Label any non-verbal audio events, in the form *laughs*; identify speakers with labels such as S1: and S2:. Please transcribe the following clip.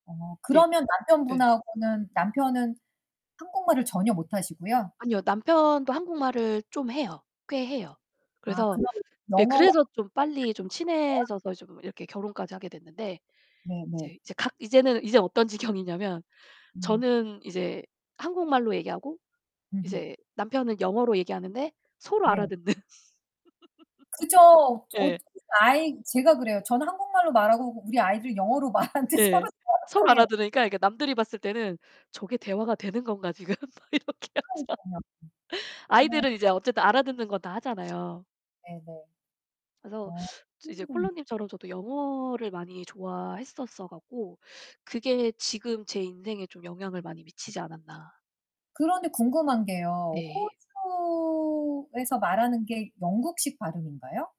S1: 어
S2: 네.
S1: 그러면
S2: 예.
S1: 남편분하고는 남편은 한국말을 전혀 못하시고요?
S2: 아니요. 남편도 한국말을 좀 해요. 꽤 해요.
S1: 아
S2: 그래서
S1: 그럼
S2: 예
S1: 영어
S2: 그래서 좀 빨리 좀
S1: *unintelligible*
S2: 친해져서 좀 이렇게 결혼까지 하게 됐는데
S1: 네네.
S2: 이제 이제 각 이제는 이제 어떤 지경이냐면
S1: 음.
S2: 저는 이제 한국말로 얘기하고
S1: 음.
S2: 이제 남편은 영어로 얘기하는데 서로
S1: 네.
S2: 알아듣는.
S1: 그죠.
S2: *laughs*
S1: 어
S2: 예.
S1: *unintelligible* 아이 제가 그래요. 저는 한국말로 말하고 우리 아이들 영어로 말하는데
S2: 예.
S1: 서로 대화가
S2: 서로
S1: 통해.
S2: 알아들으니까 이게 남들이 봤을 때는 '저게 대화가 되는 건가, 지금?' 막 이렇게 하자
S1: 그러니까요. 네.
S2: 아이들은 이제 어쨌든 알아듣는 건 다 하잖아요.
S1: 네네.
S2: 그래서
S1: 아.
S2: 이제 콜로
S1: *unintelligible*
S2: 님처럼 저도 영어를 많이 좋아했었어 갖고 그게 지금 제 인생에 좀 영향을 많이 미치지 않았나.
S1: 그런데 궁금한 게요.
S2: 네.
S1: 호주에서 말하는 게 영국식 발음인가요?